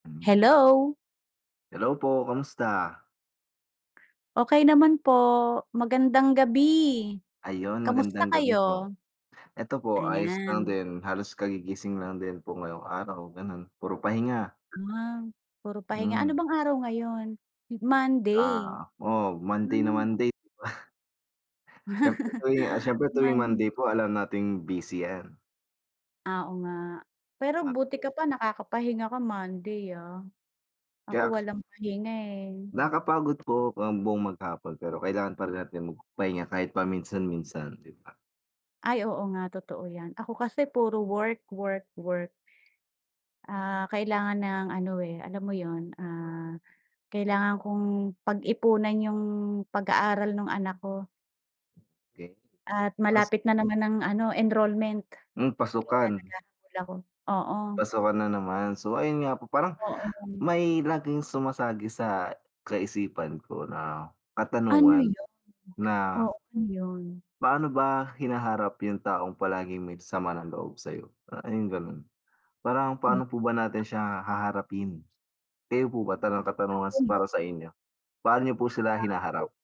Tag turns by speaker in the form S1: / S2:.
S1: Mhm.
S2: Hello.
S1: Hello po, kamusta?
S2: Okey naman po, magandang gabi,
S1: Ayun
S2: kamusta
S1: magandang gabi po,
S2: kayo?
S1: eto po ayos lang
S2: Ayan.
S1: din, halos kagigising lang din po ngayong araw, ganon puro pahinga.
S2: Ah, puro pahinga ano
S1: Hmm.
S2: bang araw ngayon? Hmm, Monday.
S1: Ah, o oh, Monday na
S2: Ah, o
S1: Monday di ba? Siyempre tuwing, ah, siyempre tuwing
S2: Man
S1: Monday po alam nating busy yan.
S2: Ah, oo nga, pero buti ka
S1: Parte.
S2: pa nakakapahinga ka Monday, ah, ako
S1: Kaya k
S2: walang pahinga, eh.
S1: Nakapagod po ang buong maghapon, pero kailangan pa rin natin magpahinga kahit paminsan-minsan, 'di ba?
S2: Ay oo nga totoo 'yan, ako kasi puro work, work, work. Ah, kailangan ng ano, eh, alam mo yun, ah, kailangan kong pag-ipunan yung pag-aaral nung anak ko.
S1: Okey,
S2: At
S1: ta's
S2: malapit na naman ang ano enrollment, kaya
S1: Hmm, pasukan.
S2: naghahabol ako. Oo.
S1: Pasukan na naman, so ayun nga po parang,
S2: Oo nga.
S1: may laging sumasagi sa kaisipan ko na
S2: Ano
S1: katanungan,
S2: yun?
S1: na
S2: Oh, ano yun?
S1: paano ba hinaharap yung taong palaging may sama ng loob sa'yo? Parang yung ganun. Parang
S2: Um
S1: paano po ba natin siya haharapin? Kayo po ba, ta lang ang katanungan s
S2: Ano yun?
S1: para sa inyo, paano niyo po sila
S2: Ah,
S1: hinaharap?
S2: ako